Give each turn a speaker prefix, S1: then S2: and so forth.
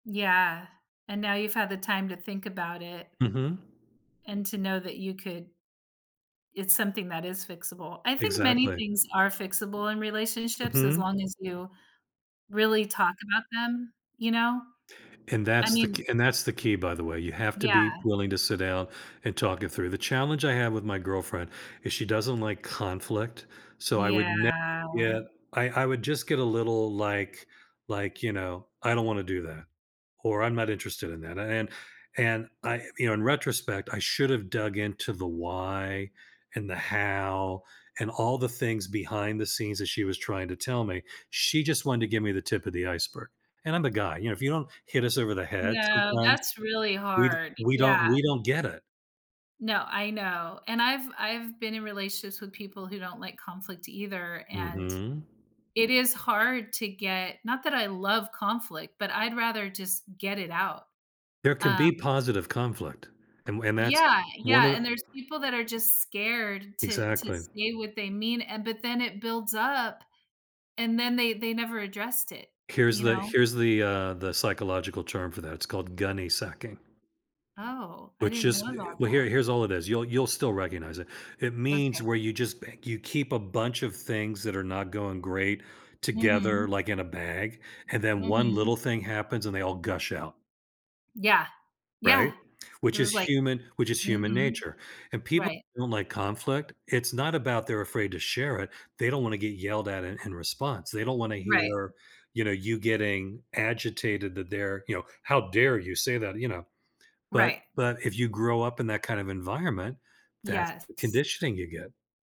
S1: Yeah. And now you've had the time to think about it
S2: Mhm.
S1: and to know that you could it's something that is fixable, I think many
S2: Exactly.
S1: things are fixable in relationships as
S2: Mhm.
S1: long as you really talk about them, you know?
S2: And
S1: I
S2: that's the
S1: mean
S2: ke and that's the key, by the way, you have to
S1: Yeah.
S2: be willing to sit down and talk it through, the challenge I have with my girlfriend is she doesn't like conflict, so I would
S1: Yeah.
S2: never get I I would just get a little like like, you know, I don't wanna do that or I'm not interested in that, a and and I, you know, in retrospect, I should have dug into the why, and the how, and all the things behind the scenes that she was trying to tell me, she just wanted to give me the tip of the iceberg. And I'm the guy, you know, if you don't hit us over the head
S1: No,
S2: sometimes,
S1: that's really
S2: we d
S1: hard,
S2: we don't
S1: yeah.
S2: we don't get it.
S1: No, I know. And I've I've been in relationships with people who don't like conflict either, and
S2: Mhm.
S1: it is hard to get not that I love conflict, but I'd rather just get it out,
S2: There can be
S1: um
S2: positive conflict and w and that's
S1: Yeah.
S2: one
S1: Yeah.
S2: of
S1: And there's people that are just scared to to
S2: Exactly.
S1: say what they mean, and but then it builds up and then they they never addressed it,
S2: Here's
S1: you
S2: the
S1: know?
S2: here's the, uh, the psychological term for that, it's called "Gunny sacking."
S1: Oh, I
S2: Which
S1: didn't know
S2: is, eh,
S1: about
S2: well, here
S1: that.
S2: here's all it is, you'll, you'll still recognize it, it means
S1: Okay.
S2: where you just b you keep a bunch of things that are not going great together,
S1: Mhm.
S2: like in a bag, and then one
S1: Mhm.
S2: little thing happens and they all gush out.
S1: Yeah.
S2: Right?
S1: Yeah. It
S2: Which
S1: was
S2: is
S1: like
S2: human which is human
S1: Mhm.
S2: nature, and people
S1: Right.
S2: don't like conflict. It's not about they're afraid to share it, they don't wanna get yelled at in in response, they don't wanna
S1: Right.
S2: hear, you know, you getting agitated that they're, you know, "How dare you say that," you know, but
S1: Right.
S2: but if you grow up in that kind of environment, that's the
S1: Yes.
S2: conditioning you get.